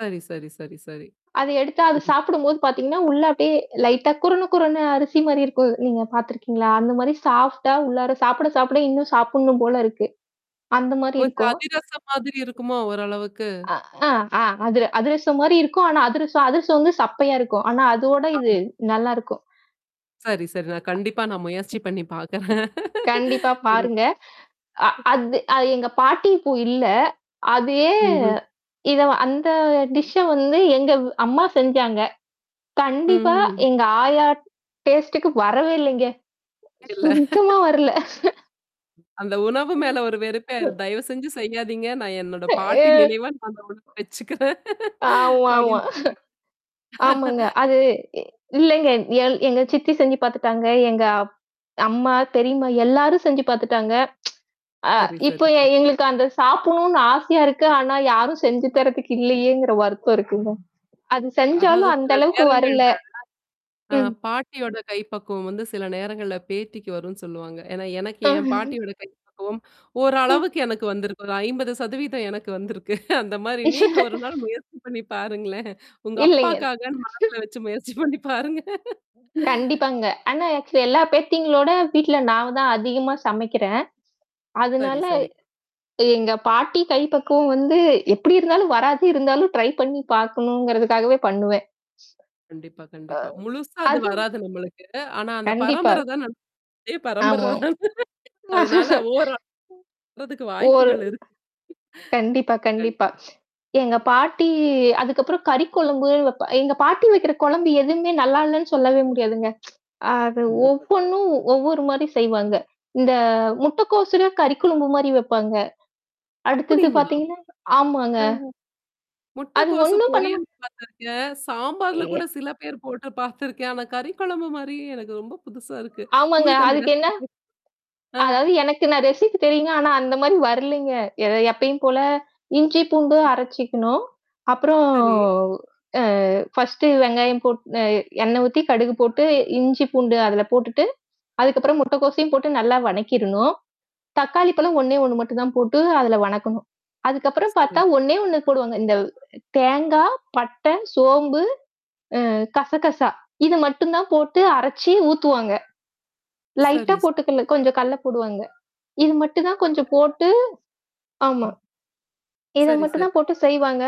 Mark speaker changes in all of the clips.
Speaker 1: சரி, சரி, சரி, சரி.
Speaker 2: அத எடுத்து அது
Speaker 1: ம்ஹ்ம்.
Speaker 2: சாப்பிடும்போது பார்த்தீங்கன்னா, உள்ள அப்டியே லைட்டா குருண, குருண அரிசி மாரி இருக்கும். நீங்க பார்த்துருக்கீங்களா? அந்த
Speaker 1: [unintelligible]
Speaker 2: மாரி சாஃப்ட்டா உள்ளார சாப்பிட சாப்பிட இன்னும் சாப்பிடணும் போல இருக்கு. அந்த மாரி
Speaker 1: கொஞ்சம்
Speaker 2: இருக்கும்.
Speaker 1: அதிரசம் மாதிரி இருக்குமா ஓரளவுக்கு?
Speaker 2: அ ஆ ஆ அதிர அதிரசம் மாரி இருக்கும். ஆனா அதிரசம் அதிரசம் வந்து சப்பையா இருக்கும். ஆனா அதோட இது
Speaker 1: ஆமா.
Speaker 2: நல்லாயிருக்கும்.
Speaker 1: சரி, சரி. நான் கண்டிப்பா நான் முயற்சி பண்ணி பார்க்குறேன்.
Speaker 2: கண்டிப்பா. பாருங்க. அ
Speaker 1: [unintelligible]
Speaker 2: அது அ எங்க பாட்டி இப்போ இல்ல. அதயே
Speaker 1: ம்ஹ்ம்.
Speaker 2: இத அந்த டிஷ்ஷ வந்து எங்க அம்மா செஞ்சாங்க. கண்டிப்பா,
Speaker 1: ம்ஹ்ம்.
Speaker 2: எங்க ஆயா டேஸ்ட்டுக்கு வரவே இல்லங்க.
Speaker 1: இல்ல.
Speaker 2: சுத்தமா வரல.
Speaker 1: அந்த உணவு மேல ஒரு வெறுப்பே
Speaker 2: அ.
Speaker 1: ஆயுரும். தயவுசெஞ்சு செய்யாதீங்க. நான் என்னோட பாட்டி
Speaker 2: [unintelligible]
Speaker 1: நினைவா நான் அந்த உணவு வச்சுக்கிறேன்,
Speaker 2: ஆமாமா.
Speaker 1: அப்டின்டேன்
Speaker 2: ஆமாங்க. அது இல்லங்க எ எங்க சித்தி செஞ்சு பார்த்துட்டாங்க. எங்க அம்மா, பெரியம்மா எல்லாரும் செஞ்சு பார்த்துட்டாங்க. அ
Speaker 1: சரி,
Speaker 2: இப்ப
Speaker 1: சரி,
Speaker 2: எ
Speaker 1: சரி.
Speaker 2: எங்களுக்கு அந்த சாப்பிடணும்னு ஆசையா இருக்கு. ஆனா யாரும் செஞ்சு தர்றதுக்கு இல்லையேங்கிற வருத்தம் இருக்குங்க. அது
Speaker 1: அதாவது
Speaker 2: செஞ்சாலும் அந்த
Speaker 1: சில
Speaker 2: அளவுக்கு வரல
Speaker 1: நேரங்கள்ல ஆ
Speaker 2: ம்.
Speaker 1: பாட்டியோட கைப்பக்குவம் வந்து சில நேரங்கள்ல பேத்திக்கு வரும்ன்னு சொல்லுவாங்க. ஏன்னா எனக்கு என் பாட்டியோட கைப்பக்குவம்
Speaker 2: ம்.
Speaker 1: ஓரளவுக்கு எனக்கு வந்திருக்கு. ஒரு 50 சதவீதம் எனக்கு வந்திருக்கு. அந்த மாரி நீங்க ஒரு நாள் முயற்சி பண்ணி பாருங்களேன். உங்க
Speaker 2: இல்லைங்க.
Speaker 1: அப்பாக்காகன்னு மனசுல வச்சு முயற்சி பண்ணி பாருங்க.
Speaker 2: கண்டிப்பாங்க. ஆனா, ஆக்சுவலி எல்லா பேத்திங்களோட வீட்ல நான் தான் அதிகமா சமைக்கிறேன்.
Speaker 1: சரி,
Speaker 2: அதனால,
Speaker 1: சரி.
Speaker 2: எங்க பாட்டி, கை பக்குவம் வந்து, எப்படி இருந்தாலும் வராது இருந்தாலும் ட்ரை பண்ணி பார்கணுங்கிறதுக்காகவே பண்ணுவேன்.
Speaker 1: கண்டிப்பா,
Speaker 2: ஆ.
Speaker 1: கண்டிப்பா. முழுசா அது
Speaker 2: அதுவும்
Speaker 1: வராது நம்மளுக்கு. ஆனா அந்த
Speaker 2: கண்டிப்பா.
Speaker 1: பரம்பர தான. நான் அதே
Speaker 2: ஆமாம்.
Speaker 1: பரம்பரதானே. அதனால, ஓரளவு வர்றதுக்கு
Speaker 2: ஒரு
Speaker 1: வாய்ப்புகள் இருக்கு.
Speaker 2: கண்டிப்பா,
Speaker 1: கண்
Speaker 2: கண்டிப்பா. எங்க பாட்டி அதுக்கப்புறம் கறி குழம்பு வப் எங்க பாட்டி வைக்கிற குழம்பு எதுவுமே நல்லா இல்லன்னு சொல்லவே முடியாதுங்க. அது
Speaker 1: கண்டிப்பா.
Speaker 2: ஒவ்வொன்னும் ஒவ்வொரு மாரி செய்வாங்க. இந்த முட்டைக்கோசுல கறி குழும்ம்பு மாரி வப்பாங்க. அடுத்தது
Speaker 1: அப்படிங்களா?
Speaker 2: பார்த்தீங்கன்னா ஆமாங்க.
Speaker 1: அ அ.
Speaker 2: அது
Speaker 1: முட்டைக்கோசு
Speaker 2: ஒண்ணும் பண்ண
Speaker 1: பொரியல்
Speaker 2: மாட்
Speaker 1: பார்த்துருக்கேன், சாம்பார்ல
Speaker 2: யே
Speaker 1: கூட சில பேர் போட்டு பார்த்துருக்கேன். ஆனா கறி குழம்பு மாரியே எனக்கு ரொம்ப புதுசா இருக்கு.
Speaker 2: ஆமாங்க.
Speaker 1: உங்களுக்கு அந்த
Speaker 2: அதுக்கு என்ன?
Speaker 1: ரெசிபி ஆ.
Speaker 2: அதாவது எனக்கு நான் ரெசிபி தெரியுங்க. ஆனா அந்த மாரி வரலைங்க. எத எப்பயும் போல இஞ்சி, பூண்டு
Speaker 1: அ.
Speaker 2: அரைச்சிக்கணும். அப்புறம்,
Speaker 1: சரி.
Speaker 2: அ ஃபர்ஸ்ட்டு வெங்காயம் போட் அ எண்ணெய் ஊத்தி, கடுகு போட்டு, இஞ்சி பூண்டு அதில போட்டுட்டு, அதுக்கப்புறம் முட்டைக்கோசையும் போட்டு நல்லா வணக்கிரணும். தக்காளிப்பழம் ஒண்ணே ஒண்ணு மட்டும் தான் போட்டு அதில வணக்கணும். அதுக்கப்புறம் பார்த்தா
Speaker 1: சரி.
Speaker 2: ஒண்ணே ஒண்ணு போடுவாங்க. இந்த தேங்காய், பட்டை, சோம்பு, அ கசகசா. இது மட்டும் தான் போட்டு அரைச்சு ஊத்துவாங்க. லைட்டா
Speaker 1: சரி,
Speaker 2: போட்டு
Speaker 1: சரி.
Speaker 2: கல கொஞ்சம் கடலை போடுவாங்க. இது மட்டும் தான் கொஞ்சம்
Speaker 1: [unintelligible]
Speaker 2: போட்டு ஆமா.
Speaker 1: ம்.
Speaker 2: இத
Speaker 1: சரி,
Speaker 2: மட்டும்
Speaker 1: சரி.
Speaker 2: தான் போட்டு செய்வாங்க.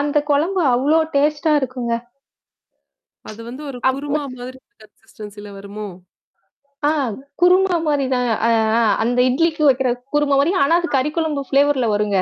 Speaker 2: அந்த குழம்பு அவ்ளோ டேஸ்ட்டா இருக்குங்க.
Speaker 1: அது வந்து ஒரு
Speaker 2: அப்ப
Speaker 1: குருமா மாதிரி கன்சிஸ்டன்சில வருமோ!
Speaker 2: ஆ குருமா மாரி தான். அ ஆ அந்த இட்லிக்கு வைக்கிற குருமா மாரி. ஆனா, அது
Speaker 1: அ
Speaker 2: கறி குழம்பு ஃப்ளேவர்ல வருங்க.